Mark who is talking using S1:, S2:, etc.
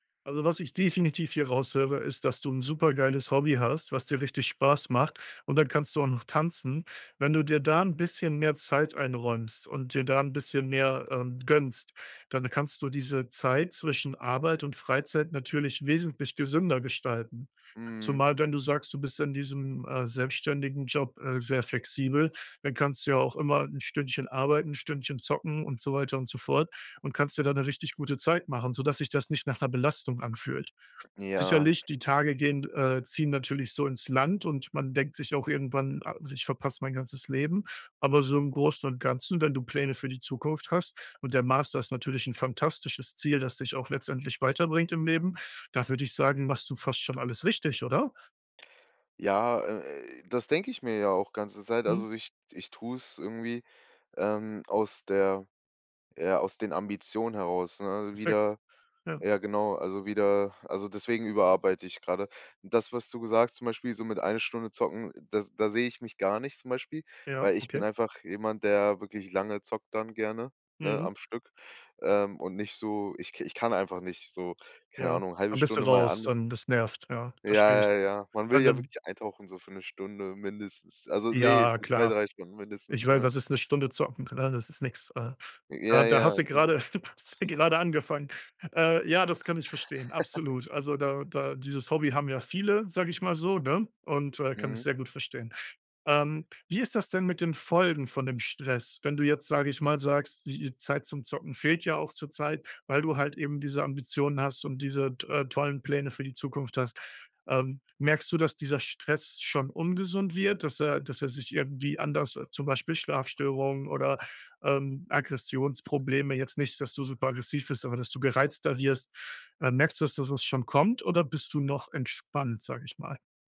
S1: Also, was ich definitiv hier raushöre, ist, dass du 'n supergeiles Hobby hast, was dir richtig Spaß macht und dann kannst du auch noch tanzen. Wenn du dir da 'n bisschen mehr Zeit einräumst und dir da 'n bisschen mehr, ähm, gönnst, dann kannst du diese Zeit zwischen Arbeit und Freizeit natürlich wesentlich gesünder gestalten.
S2: Mhm.
S1: Zumal, wenn du sagst, du bist in diesem, äh, selbstständigen Job, äh, sehr flexibel, dann kannst du ja auch immer 'n Stündchen arbeiten, 'n Stündchen zocken und so weiter und so fort und kannst dir da 'ne richtig gute Zeit machen, sodass sich das nicht nach 'ner Belastung anfühlt.
S2: Ja.
S1: Sicherlich, die Tage gehen d äh, ziehen natürlich so ins Land und man denkt sich auch irgendwann: „Also, ich verpasse mein ganzes Leben“, aber so im Großen und Ganzen, wenn du Pläne für die Zukunft hast und der Master ist natürlich 'n fantastisches Ziel, das dich auch letztendlich weiterbringt im Leben, da würde ich sagen, machst du fast schon alles richtig, oder?
S2: Ja, äh, das denke ich mir ja auch ganze Zeit.
S1: Mhm.
S2: Also ich ich tu's irgendwie, ähm, aus der ja, aus den Ambitionen heraus, ne,
S1: Perfekt.
S2: wieder
S1: Ja.
S2: ja genau, also wieder also, deswegen überarbeite ich gerade. Das, was du gesagt, zum Beispiel, so mit 1 Stunde zocken, das da sehe ich mich gar nicht zum Beispiel,
S1: Ja,
S2: weil ich bin
S1: okay.
S2: einfach jemand, der wirklich lange zockt dann gerne, ne,
S1: Mhm.
S2: am Stück, ähm, und nicht so ich ich kann einfach nicht so keine
S1: Ja.
S2: Ahnung, 0,5
S1: Dann bist du
S2: Stunde mal
S1: raus,
S2: an
S1: dann das nervt, ja, verstehe ich.
S2: Ja, ja, ja. Man
S1: Ja,
S2: will
S1: und
S2: ja
S1: dann
S2: wirklich eintauchen so für 'ne Stunde mindestens. Also, ne,
S1: Ja,
S2: für 2,
S1: klar.
S2: 3 Stunden
S1: Ich
S2: mindestens,
S1: meine,
S2: ne?
S1: was ist 'ne Stunde zocken, ne? Das ist nix. Äh, da
S2: Ja,
S1: da
S2: ja.
S1: hast du
S2: Genau.
S1: gerade da hast du gerade angefangen. Äh, ja, das kann ich verstehen, absolut. Also, da da dieses Hobby haben ja viele, sage ich mal so, ne? Und, äh, kann ich
S2: Mhm.
S1: sehr gut verstehen. Ähm, wie ist das denn mit den Folgen von dem Stress, wenn du jetzt, sage ich mal, sagst, die i Zeit zum Zocken fehlt ja auch zurzeit, weil du halt eben diese Ambitionen hast und diese t äh, tollen Pläne für die Zukunft hast. Ähm, merkst du, dass dieser Stress schon ungesund wird, dass er dass er sich irgendwie anders äh, zum Beispiel Schlafstörungen oder, ähm, Aggressionsprobleme jetzt nicht, dass du super aggressiv bist, aber dass du gereizter wirst. Äh, merkst du, dass da was schon kommt oder bist du noch entspannt, sage ich mal?